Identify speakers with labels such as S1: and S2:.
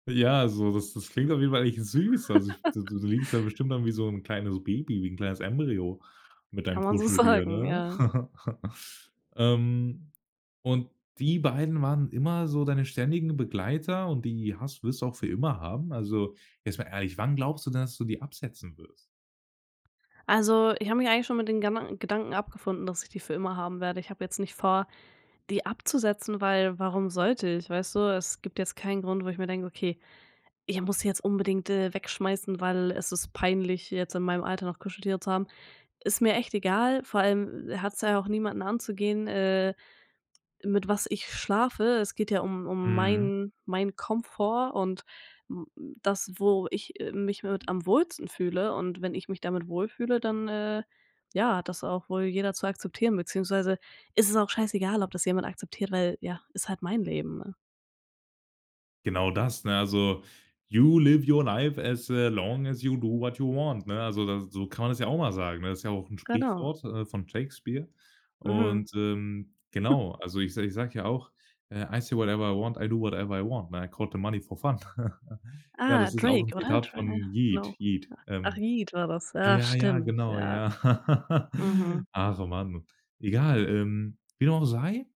S1: Ja, also das das klingt auf jeden Fall echt süß. Also ich du du liegst da bestimmt dann wie so 'n kleines Baby, wie 'n kleines Embryo mit deinem
S2: Kann man so
S1: Kuscheltier,
S2: sagen,
S1: ne?
S2: ja.
S1: Ähm, und die beiden waren immer so deine ständigen Begleiter und die hast wirst du auch für immer haben? Also, jetzt mal ehrlich, wann glaubst du, dass du die absetzen wirst?
S2: Also, ich habe mich eigentlich schon mit den Gedan Gedanken abgefunden, dass ich die für immer haben werde. Ich habe jetzt nicht vor, die abzusetzen, weil warum sollte ich, weißt du? Es gibt jetzt keinen Grund, wo ich mir denke: „Okay, ich muss die jetzt unbedingt, äh, wegschmeißen, weil es ist peinlich, jetzt in meinem Alter noch Kuscheltiere zu haben.“ Ist mir echt egal, vor allem hat's ja auch niemanden anzugehen, äh, mit was ich schlafe. Es geht ja um um
S1: Mhm.
S2: meinen meinen Komfort und m das, wo ich, äh, mich mit am wohlsten fühle, und wenn ich mich damit wohlfühle, dann, äh, ja, hat das auch wohl jeder zu akzeptieren, beziehungsweise ist es auch scheißegal, ob das jemand akzeptiert, weil ja, ist halt mein Leben, ne?
S1: Genau das, ne, also: „You live your life as, äh, long as you do what you want“, ne? Also das so kann man das ja auch mal sagen, ne? Das ist ja auch 'n
S2: Genau.
S1: Sprichwort, äh, von Shakespeare.
S2: Mhm.
S1: Und, ähm, genau, also ich se ich sag ja auch: „I see whatever I want, I do whatever I want“, ne, „Quote the money for fun“. Ja,
S2: Ah,
S1: das ist auch 'n
S2: Drake, oder?
S1: Zitat
S2: Dr ah,
S1: von Yeat
S2: genau,
S1: Yeat,
S2: ja, Ach,
S1: ähm
S2: Yeat war das, ja
S1: Ja ja,
S2: stimmt,
S1: genau,
S2: ja.
S1: ja.
S2: Mhm.
S1: ach, man, egal, ähm, wie dem auch sei